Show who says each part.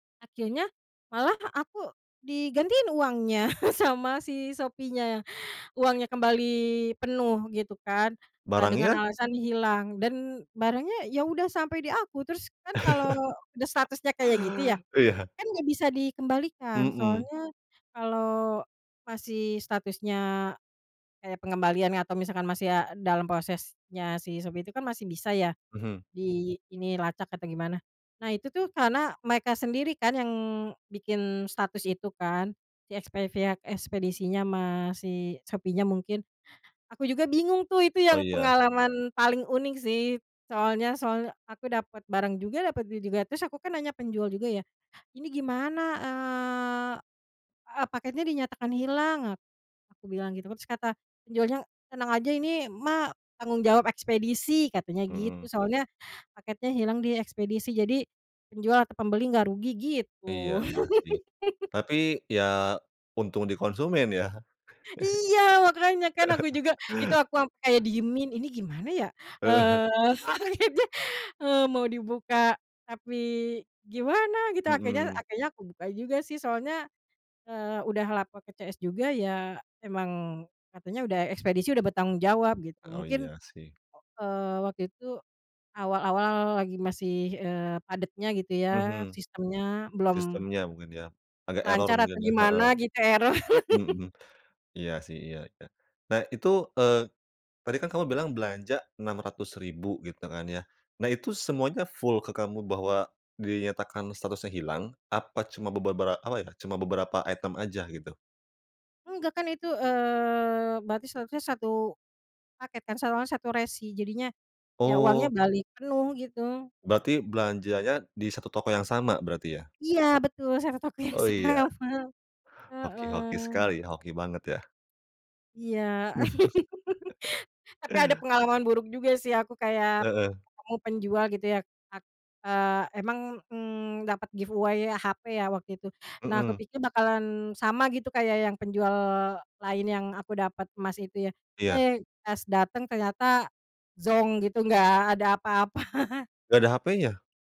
Speaker 1: Akhirnya malah aku digantiin uangnya sama si Shopee-nya. Uangnya kembali penuh gitu kan, eee, dengan
Speaker 2: Barangnya?
Speaker 1: alasan hilang dan barangnya ya udah sampai di aku terus kan kalau udah statusnya kayak gitu ya,
Speaker 2: Iya.
Speaker 1: kan nggak bisa dikembalikan,
Speaker 2: Mhm.
Speaker 1: soalnya kalau masih statusnya kayak pengembalian atau misalkan masih a dalam prosesnya si Shopee itu kan masih bisa ya
Speaker 2: Mhm.
Speaker 1: di ini, lacak atau gimana. Nah itu tuh karena mereka sendiri kan yang bikin status itu kan, si expe pihak ekspedisinya ma si Shopee-nya mungkin. Aku juga bingung tuh itu
Speaker 2: Oh,
Speaker 1: yang
Speaker 2: iya.
Speaker 1: pengalaman paling unik sih, soalnya soalnya aku dapet barang juga, dapet duit juga, terus aku kan nanya penjual juga ya, "Ini gimana, eee eee, paketnya dinyatakan hilang," ak aku bilang gitu, terus kata penjualnya, "Tenang aja ini mah tanggung jawab ekspedisi," katanya gitu.
Speaker 2: Mhm.
Speaker 1: Soalnya paketnya hilang di ekspedisi, jadi penjual atau pembeli nggak rugi
Speaker 2: Iya
Speaker 1: gitu.
Speaker 2: iya sih, tapi ya untung di konsumen ya?
Speaker 1: Iya! Makanya kan aku juga, itu aku ampe diemin, ini gimana ya?
Speaker 2: Ah hah.
Speaker 1: Eee, paketnya, eee, mau dibuka tapi gimana gitu akhirnya
Speaker 2: Mhm.
Speaker 1: akhirnya aku buka juga sih soalnya, eee, udah lapor ke CS juga ya emang katanya udah ekspedisi udah bertanggung jawab gitu,
Speaker 2: Oh,
Speaker 1: mungkin,
Speaker 2: iya sih.
Speaker 1: eee, waktu itu awal-awal lagi masih, eee, padetnya gitu ya
Speaker 2: Mhm.
Speaker 1: sistemnya, belum
Speaker 2: Sistemnya mungkin ya, agak eror
Speaker 1: lancar atau
Speaker 2: mungkin ya, heeh.
Speaker 1: gimana gitu, eror.
Speaker 2: Mhm. Iya sih, iya iya, nah itu, eee, tadi kan kamu bilang belanja Rp600.000 gitu kan ya, nah itu semuanya full ke kamu bahwa dinyatakan statusnya hilang apa cuma bebebera apa ya, cuma beberapa item aja gitu?
Speaker 1: Enggak kan itu, eee, berarti seharusnya 1 paket kan, 1 orang 1 resi jadinya, ya uangnya
Speaker 2: Oh.
Speaker 1: balik penuh gitu.
Speaker 2: Berarti belanjanya di 1 toko yang sama berarti ya?
Speaker 1: Iya, betul 1 toko yang
Speaker 2: Oh,
Speaker 1: sama,
Speaker 2: iya. Hoki hoki
Speaker 1: heeh.
Speaker 2: sekali, hoki banget ya.
Speaker 1: Iya. Tapi ada pengalaman buruk juga sih aku kayak
Speaker 2: Heeh.
Speaker 1: ketemu penjual gitu ya a eee, emang, mmm, dapat giveaway HP ya waktu itu, nah
Speaker 2: Mhm.
Speaker 1: kupikir bakalan sama gitu kayak yang penjual lain yang aku dapat emas itu ya,
Speaker 2: Iya.
Speaker 1: eh, pas dateng ternyata zonk gitu gak ada apa-apa.
Speaker 2: Nggak ada HP-nya?